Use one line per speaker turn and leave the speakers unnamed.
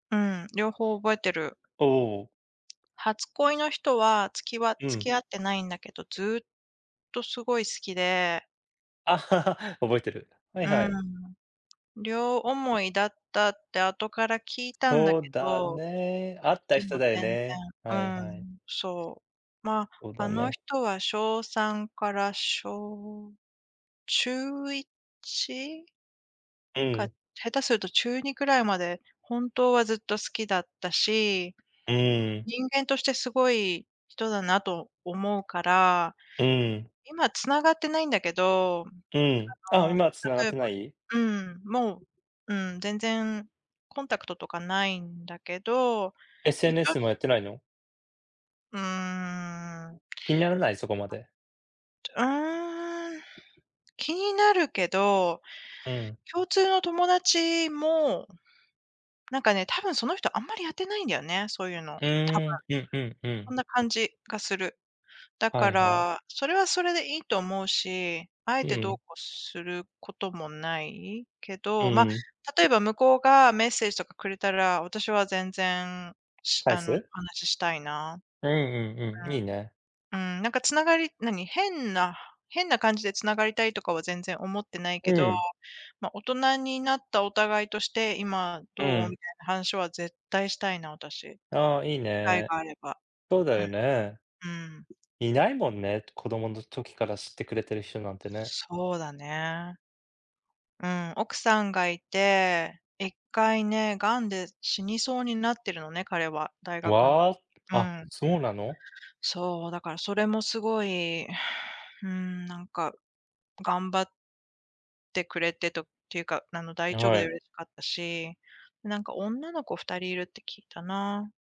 うん、両方覚えてる。
おお。
初恋の人は、つきわ
う
付
ん。
き合ってないんだけど、ずっとすごい好きで。
覚えてる、はい
う
はい。
ん。両思いだったって後から聞いたんだけ
そうだ
ど、
ね。会った
で
人
も
だよ
全
ね。
然、
はい
う
はい。
ん。そう。まあ、
そう
あ
だ
の
ね。
人は小3から小中1
う
か
ん。
下手すると、中2くらいまで本当はずっと好きだったし、
うん。
人間としてすごい人だなと思うから。
うん。
今繋がってないんだけど、
うん、
あ
あ、
の、も
今は
し
繋がっ
例え
て
ば
ない？
うん。もう、うん。全然コンタクトとかないんだけど、いちお
SNS もやってないの？
うーん。
気にならない？そこまで。
はい。うーん。気になるけど、
うん。
共通の友達も、なんかね、多分その人あんまりやってないんだよね、そういうの、
う
多分。
ーん、うんうんう
そん
ん。
な感じがする。だ
は
か
いはい。
ら、それはそれでいいと思うし、あえ
う
て、どう
ん。
こうすることもない、け
う
ど、ま、
ん。
例えば向こうがメッセージとかくれたら、私は全然、し
返
あの、お
す？
話ししたいな。
うんうんうん、いいね。
うん、うーん。なんか繋がり、何、変な変な感じで繋がりたいとかは全然思ってない
う
けど、
ん。
まあ、大人になったお互いとして、今
う
どう、
ん。
みたいな話は絶対したいな、私。
ああ、いい
機会
ね。
があれば。
そうだ
うん。
よ
う
ね。
ーん。
いないもんね、子供の時から知ってくれてる人なんてね。
そうだね。うん。奥さんがいて、1回ね、癌で死にそうになってるのね、彼は、大学ん
わ
時
あ、
に、う
あ、
ん。
そうなの？
そう、だからそれもすごい、うん。なんか、頑張ってくれてとっていうか、あの大丈夫
は
で
い。
嬉しかったし、なんか女の子2人いるって聞いたな。